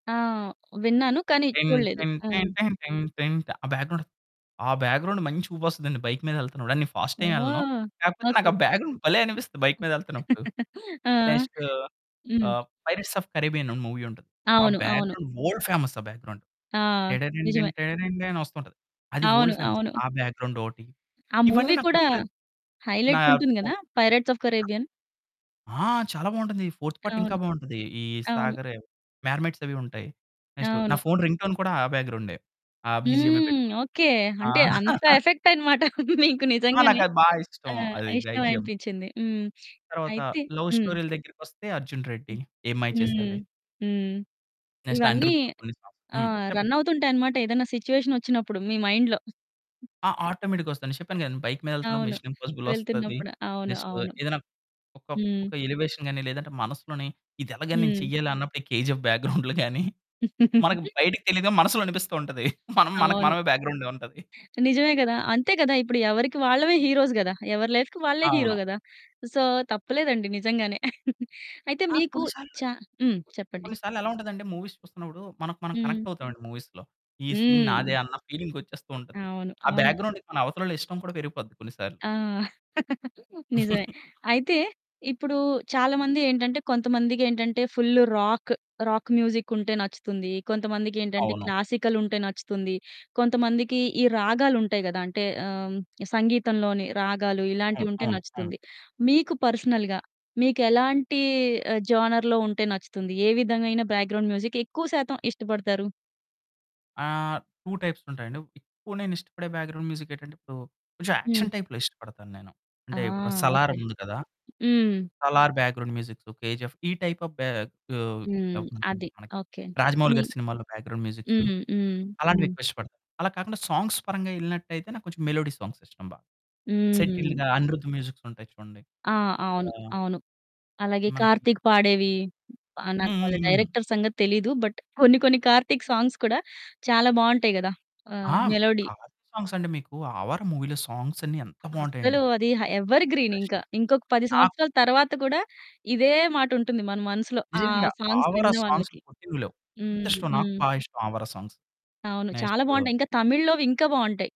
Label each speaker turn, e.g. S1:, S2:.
S1: ఆ! విన్నాను కానీ
S2: టిన్
S1: చూడలేదు.
S2: టిన్
S1: ఆ!
S2: టన్ టన్ టిన్ టిన్ ఆ బ్యాక్ గ్రౌండ్ ఆహ్, బ్యాక్ గ్రౌండ్ మంచి ఊపొస్తదండి, బైక్ మీద ఎళ్తున్నప్పుడు. నేను ఫాస్ట్ ఏమెళ్ళను.
S1: ఓహ్!
S2: కాకపోతే
S1: ఓకె.
S2: నాకా బ్యాక్ గ్రౌండ్ భలే అనిపిస్తుంది బైక్ మీద ఎళ్తున్నప్పుడు.
S1: ఆ!
S2: నెక్స్టు
S1: హ్మ్.
S2: ఆహ్, 'పైరేట్స్ ఆఫ్ కారిబ్బియన్' మూవీ ఉంటది. ఆ
S1: అవును.
S2: బ్యాక్
S1: అవును.
S2: గ్రౌండ్ వర్ల్డ్ ఫేమస్ ఆ బ్యాక్గ్రౌండ్.
S1: ఆ!
S2: టిడంటిన్ టిడంటిన్
S1: నిజమే.
S2: టెరండి అని వస్తుంటది. అది
S1: అవును.
S2: వర్ల్డ్ ఫేమస్,
S1: అవును.
S2: ఆ బ్యాక్ గ్రౌండ్ ఒకటి,
S1: ఆ
S2: ఇవన్నీ
S1: మూవీ
S2: నాకు
S1: కూడా
S2: రెగ్యులర్ నా
S1: హైలైట్ ఉంటుంది కదా!
S2: Phone
S1: Pirates of Caribbean.
S2: ఆ! చాలా బావుంటుంది. ఫోర్త్ పార్ట్ ఇంకా
S1: అవును.
S2: బావుంటది ఈ
S1: అవును.
S2: సాగర్, మర్మెర్ట్‌స్ అవి ఉంటాయి. నెక్స్‌ట్ నా
S1: అవును.
S2: ఫోన్ రింగ్‌టోన్ కూడా, ఆ బ్యాక్ గ్రౌండే, ఆ బీజీఎంయే
S1: హ్మ్,
S2: పెట్టుకుంటాను.
S1: ఓకె
S2: ఆ!
S1: అంటే అంత ఎఫెక్ట్ అనమాట మీకు
S2: ఆ!
S1: నిజంగానే.
S2: నాకది బా
S1: ఆ!
S2: ఇష్టం, అది
S1: ఇష్టం
S2: ధైజియం.
S1: అనిపించింది. హ్మ్,
S2: తరువాత
S1: అయితే
S2: లవ్
S1: హ్మ్.
S2: స్టోరీల దగ్గరికి వస్తే అర్జున్ రెడ్డి,
S1: హ్మ్.
S2: ఏం మాయ
S1: హ్మ్.
S2: చేసావే.
S1: హ్మ్.
S2: నెక్స్ట్
S1: ఇవన్నీ
S2: అనిరుద్ [unintelligible] హ్మ్.
S1: ఆహ్,
S2: చెప్పండి.
S1: రన్ అవుతుంటాయన్నమాట ఏదైనా సిట్యుయేషన్ వచ్చినప్పుడు మీ మైండ్‌లో.
S2: ఆ! ఆటోమేటిక్‌గా వస్తదండి. నేను చెప్పాను కదండీ బైక్ మీద ఎళ్తున్నప్పుడు
S1: అవును.
S2: మిశన్ ఇంపాసిబుల్ వస్తది.
S1: వెళ్తున్నప్పుడు, అవును.
S2: నెక్స్‌ట్
S1: అవును.
S2: ఏదైనా ఒక,
S1: హ్మ్.
S2: ఒక ఎలివేషన్ గాని లేదంటే మనసులోని ఇది ఎలాగని నేను
S1: హ్మ్.
S2: చెయ్యాలన్నప్పుడు ఈ కేజీఎఫ్ బ్యాక్ గ్రౌండ్లు గాని. మనకు బయటకి తెలియదుగా మనసులో అనిపిస్తూ ఉంటది. మనం మనకు,
S1: అవును.
S2: మనమే బ్యాక్ గ్రౌండ్‌ ఉంటది.
S1: నిజమే గదా! అంతే గదా! ఇప్పుడు ఎవరికీ వాళ్ళవే హీరోస్ గదా! ఎవరి లైఫ్‌కి వాళ్ళే హీరో
S2: అవును.
S1: గదా! సో తప్పు లేదండి నిజంగానే. అయితే
S2: ఆ!
S1: మీకు
S2: కొన్ని
S1: చ
S2: సార్లు
S1: హ్మ్. చెప్పండి.
S2: కొన్ని సార్లు ఎలా ఉంటదంటే మూవీస్ చూస్తున్నప్పుడు మనకు మనం
S1: హ్మ్.
S2: కనెక్ట్ అవుతామండి మూవీస్‌లో. ఈ సీన్
S1: హ్మ్.
S2: నాదే అన్న ఫీలింగ్ వచ్చేస్తూ ఉంటది.
S1: అవును.
S2: ఆ
S1: అవును.
S2: బ్యాక్ గ్రౌండ్‌కి మన అవతల వాళ్ళ ఇష్టం కూడా పెరిగిపోద్ది కొన్నిసార్లు.
S1: ఆ! నిజమే. అయితే ఇప్పుడు చాలామంది ఏంటంటే కొంతమందికేంటంటే ఫుల్ రాక్, రాక్ మ్యూజిక్ ఉంటే నచ్చుతుంది. కొంతమందికేంటంటే
S2: అవును.
S1: క్లాసికల్ ఉంటే నచ్చుతుంది, కొంతమందికి ఈ రాగాలు ఉంటాయి గదా! అంటే ఆహ్, సంగీతంలోని రాగాలు ఇలాంటివి
S2: అవును.
S1: ఉంటే
S2: అవును. అవును.
S1: నచ్చుతుంది. మీకు పర్సనల్‌గా మీకెలాంటి ఆహ్, జోనర్‌లో ఉంటే నచ్చుతుంది ఏ విధమైన బ్యాక్ గ్రౌండ్ మ్యూజిక్ ఎక్కువ శాతం ఇష్టపడతారు?
S2: ఆహ్, 2 టైప్స్ ఉంటాయండి. ఎక్కువ నేనిష్టపడే బ్యాక్ గ్రౌండ్‌ మ్యూజిక్ ఏంటంటే ఇప్పుడు కొంచెం
S1: హ్మ్.
S2: యాక్షన్ టైప్‌లో ఇష్టపడతానేను.
S1: ఆ!
S2: అంటే ఇప్పుడు 'సలార్'
S1: ఓకె.
S2: ఉంది కదా!
S1: హ్మ్.
S2: Salaar background musics KGF ఈ టైప్ ఆఫ్ బె ఆహ్,
S1: హ్మ్.
S2: [unintelligible]
S1: అది.
S2: మనకి
S1: ఓకె.
S2: రాజమౌళి
S1: మి
S2: గారి సినిమాలో బ్యాక్ గ్రౌండ్ మ్యూజిక్స్
S1: హ్మ్. హ్మ్. హ్మ్.
S2: అలాంటివి
S1: హ్మ్.
S2: ఎక్కువిష్టపడతాను. అలా కాకుండా సాంగ్స్ పరంగా ఎళ్ళినట్టయితే, నాకు కొంచెం మెలోడీ సాంగ్స్ ఇష్టం బాగా.
S1: హ్మ్.
S2: సెటిల్డ్‌గా అనిరుద్ మ్యూజిక్స్ ఉంటాయి చూడండి.
S1: ఆ! అవును,
S2: ఆ!
S1: అవును. అలాగే
S2: మనకి
S1: కార్తీక్ పాడేవి
S2: హ్మ్.
S1: నాకు వాళ్ళ
S2: హ్మ్. హ్మ్.
S1: డైరెక్టర్ సంగతి తెలీదు, బట్ కొన్ని కొన్ని కార్తీక్ సాంగ్స్ కూడా చాలా బావుంటాయి గదా! ఆ!
S2: ఆ!
S1: మెలోడీ.
S2: కార్తీక్ సాంగ్స్ అంటే మీకు ఆవార మూవీలో సాంగ్స్ అన్ని ఎంత
S1: అసలు
S2: బావుంటాయండి.
S1: అది ఆహ్, ఎవర్ ఇంకా ఇంకొక 10
S2: ఆ!
S1: సంవత్సరాల తరువాత కూడా ఇదే మాటుంటుంది. మన మనసులో, ఆ
S2: నిజంగా
S1: సాంగ్స్
S2: ఆవార
S1: విన్న
S2: సాంగ్స్
S1: వాళ్ళకి.
S2: [unintelligible] లేవు,
S1: హ్మ్.
S2: ఇష్టం నాకు
S1: హ్మ్.
S2: బాగా ఇష్టం ఆవరా సాంగ్స్.
S1: అవును. చాలా
S2: నెక్స్టు
S1: బావుంటాయి. ఇంకా తమిళ్లోవి ఇంకా బావుంటాయి.